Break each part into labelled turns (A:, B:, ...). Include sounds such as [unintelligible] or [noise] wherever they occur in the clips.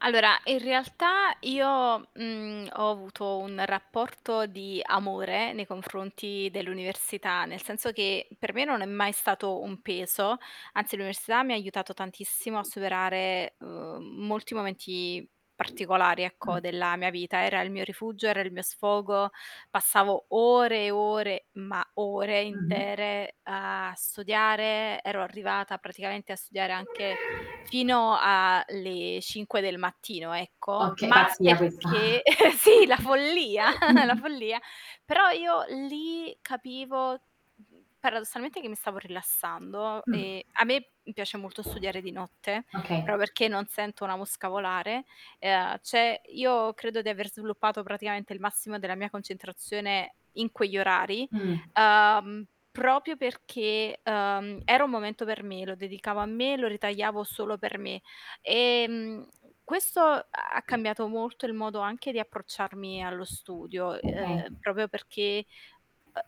A: Allora in realtà io, mhmm, ho avuto un rapporto di amore nei confronti dell'università, nel senso che, per me non è mai stato un peso, anzi, l'università mi ha aiutato tantissimo a superare, uhm, molti momenti particolari
B: Mh.
A: ecco, della mia vita. Era il mio rifugio, era il mio sfogo, passavo ore e ore, ma ore
B: Mh-mh.
A: intere a studiare, ero arrivata praticamente a studiare anche fino a le 5 del mattino, ecco,
B: Okay,
A: ma
B: pazzia questa.
A: perché [chuckles] sì, la follia, [chuckles] la
B: [chuckles]
A: follia. Però io lì capivo, mhmm, paradossalmente che mi stavo rilassando,
B: Mh.
A: e a me piace molto studiare di notte,
B: Okay.
A: proprio perché non sento una mosca volare. E a cioè io credo di aver sviluppato, praticamente il massimo della mia concentrazione in quegli orari,
B: Mh.
A: uhm, proprio perché, ehm, era un momento per me, lo dedicavo a me, lo ritagliavo solo per me. Ehm, questo ha cambiato molto il modo anche di approcciarmi allo studio,
B: Okay.
A: ehm, proprio perché,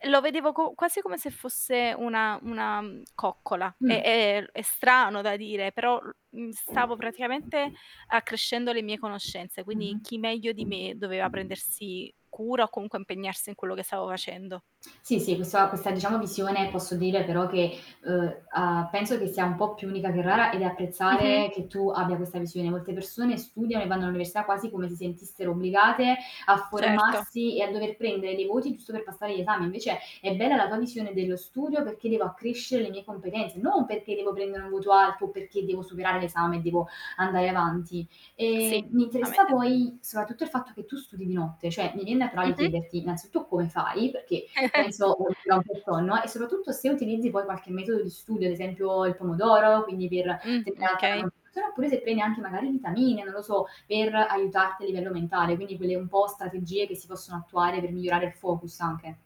A: ehm, lo vedevo co quasi come se fosse una una, mhmm, coccola. È
B: Mh.
A: è è strano da dire, però l mhmm, stavo praticamente accrescendo le mie conoscenze,
B: Mh-mh.
A: quindi chi meglio di me, doveva prendersi cura, o comunque impegnarsi in quello che stavo facendo.
B: Sì, sì, questo questa diciamo, visione, posso dire però che, uhm, a penso che sia un po' più unica che rara, ed
A: Mh-mh.
B: apprezzare che tu abbia questa visione. Molte persone studiano e vanno all'università quasi come si sentissero obbligate, a
A: Certo.
B: formarsi e a dover prendere dei voti, giusto per passare gli esami. Invece è bella la tua visione dello studio, perché devo accrescere le mie competenze, non perché devo prendere un voto alto, o perché devo superare l'esame, e devo andare avanti.
A: [clicks tongue] Sì,
B: Ehm, mi
A: a
B: interessa
A: mettersi a
B: poi, soprattutto il fatto che tu studi di notte, cioè, mi vien naturale
A: Mh-mh.
B: chiederti, innanzitutto, come fai? Perché penso
A: [chuckles]
B: [unintelligible] e soprattutto se utilizzi poi qualche metodo di studio, ad esempio il pomodoro, quindi per
A: Mh,
B: tenere alta
A: okay.
B: la [unintelligible] oppure se prendi anche magari vitamine, non lo so per aiutarti a livello mentale, quindi quelle un po' strategie che si possono attuare per migliorare il focus, anche.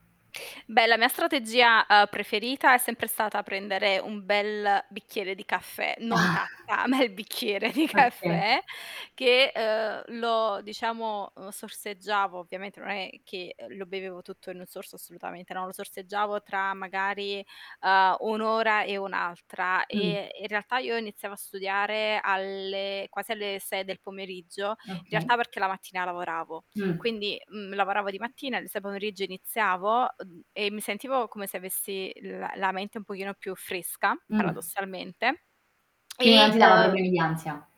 A: Beh, la mia strategia, uhm, preferita è sempre stata prendere un bel bicchiere di caffè, non tazza,
B: [chuckles]
A: a me il bicchiere di
B: Okay.
A: caffè che, ehm, lo diciamo, uhm, lo sorseggiavo, ovviamente non è che, ehm, lo bevevo tutto in un sorso assolutamente, no. Lo sorseggiavo tra magari, uhm, un'ora e un'altra,
B: Mh.
A: e in realtà io iniziavo a studiare alle quasi alle 6 del pomeriggio, in
B: Okay.
A: realtà perché la mattina lavoravo.
B: Mh.
A: Quindi, mhmm, lavoravo di mattina, il s pomeriggio iniziavo, uhm, e mi sentivo come se avessi la la mente un pochino più fresca,
B: Mh.
A: paradossalmente,
B: Quindi non
A: e,
B: ti
A: [smacks lips]
B: dava
A: uhm
B: problemi di ansia.